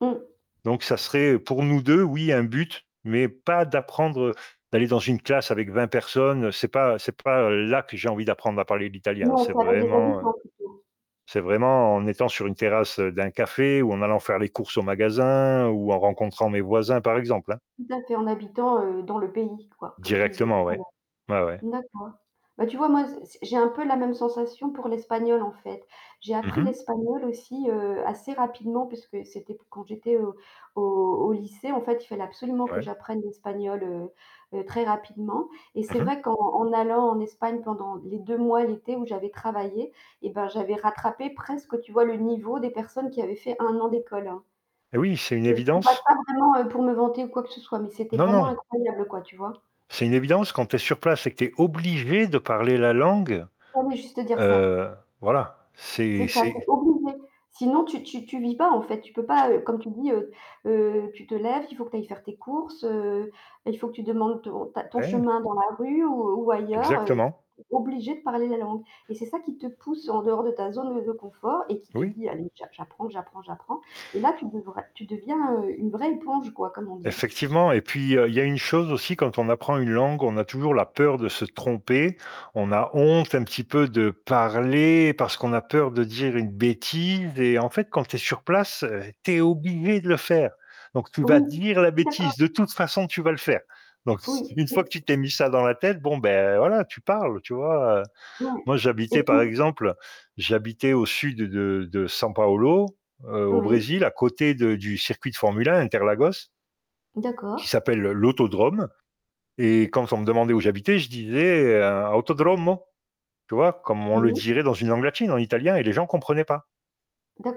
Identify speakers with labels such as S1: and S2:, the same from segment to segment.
S1: Mmh.
S2: Donc ça serait pour nous 2, oui, un but, mais pas d'apprendre d'aller dans une classe avec 20 personnes, c'est pas c'est pas là que j'ai envie d'apprendre à parler l'italien hein.
S1: Non,
S2: C'est
S1: ça reste des
S2: vraiment, heu,
S1: habitants plutôt.
S2: c'est vraiment en étant sur une terrasse d'un café ou en allant faire les courses au magasin ou en rencontrant mes voisins, par exemple, hein.
S1: Tout à fait, en habitant, heu, dans le pays, quoi, comme tu disais
S2: Directement,
S1: tout à
S2: ouais.
S1: l'heure.
S2: Ouais, ouais.
S1: D'accord. Bah tu vois, moi, c c'est j'ai un peu la même sensation pour l'espagnol, en fait. J'ai
S2: Mmh
S1: appris
S2: mh.
S1: l'espagnol aussi, heu, assez rapidement puisque c'était p quand j'étais au au au lycée, en fait, il fallait absolument que
S2: Ouais.
S1: j'apprenne l'espagnol, heu heu, très rapidement et
S2: Mmh
S1: c'est
S2: mh.
S1: vrai qu'en en allant en Espagne pendant les 2 mois, l'été où j'avais travaillé, eh bah, j'avais rattrapé presque, tu vois, me niveau des personnes qui avaient fait 1 an d'école hein.
S2: Et oui, c'est une
S1: Je dis pas
S2: évidence.
S1: ça vraiment, heu, pour me vanter ou quoi que ce soit, mais c'était
S2: Non,
S1: vraiment
S2: non.
S1: incroyable, quoi, tu vois?
S2: C'est une évidence, quand tu es sur place et que tu es obligé de parler la langue,
S1: On veut juste dire ça.
S2: heu, voilà,
S1: C'est
S2: c'est
S1: ça, tu es
S2: c'est
S1: obligé, sinon, tu tu tu vis pas, en fait, tu peux pas, heu, comme tu dis, heu heu, tu te lèves, il faut que tu ailles faire tes courses, heu, il faut que tu demandes ton ta ton
S2: Ouais.
S1: chemin dans la rue ou ou ailleurs,
S2: Exactement.
S1: tu es obligé de parler la langue et c'est ça qui te pousse en dehors de ta zone de confort et qui te
S2: Oui.
S1: dit: «Allez, j'a j'apprends, j'apprends, j'apprends» et là, tu devrais tu deviens, heu, une vraie éponge, quoi, comme on dit.
S2: Effectivement et puis, heu, il y a une chose aussi quand on apprend une langue, on a toujours la peur de se tromper. On a honte un petit peu de parler parce qu'on a peur de dire une bêtise et en fait, quand tu es sur place, heu, tu es obligé de le faire. Donc tu vas
S1: Oui,
S2: dire la
S1: je suis d'accord.
S2: bêtise, de toute façon, tu vas le faire. Donc s
S1: Oui,
S2: une
S1: oui.
S2: fois que tu t'es mis ça dans la tête, bon, beh, voilà, tu parles, tu vois, heu?
S1: Ouais
S2: Moi,
S1: et
S2: j'habitais par
S1: puis
S2: exemple, j'habitais au sud de de San Paolo, heu, au
S1: Oui.
S2: Brésil, à côté de du circuit de formule 1 Interlagos qui
S1: D'accord.
S2: s'appelle l'autodrome et quand on me demandait où j'habitais, je disais, heu, Autodromo, tu vois? Comme on le
S1: Oui.
S2: dirait dans une langue latine, en italien et les gens comprenaient pas.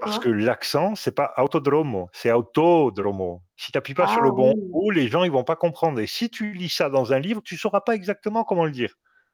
S2: Parce que l'accent, c'est pas Autodromo c'est Autodromo. Si tu appuies pas sur
S1: Ah
S2: le bon
S1: oui.
S2: O, les gens, ils vont pas comprendre et si tu lis ça dans un livre, tu sauras pas exactement comment le dire.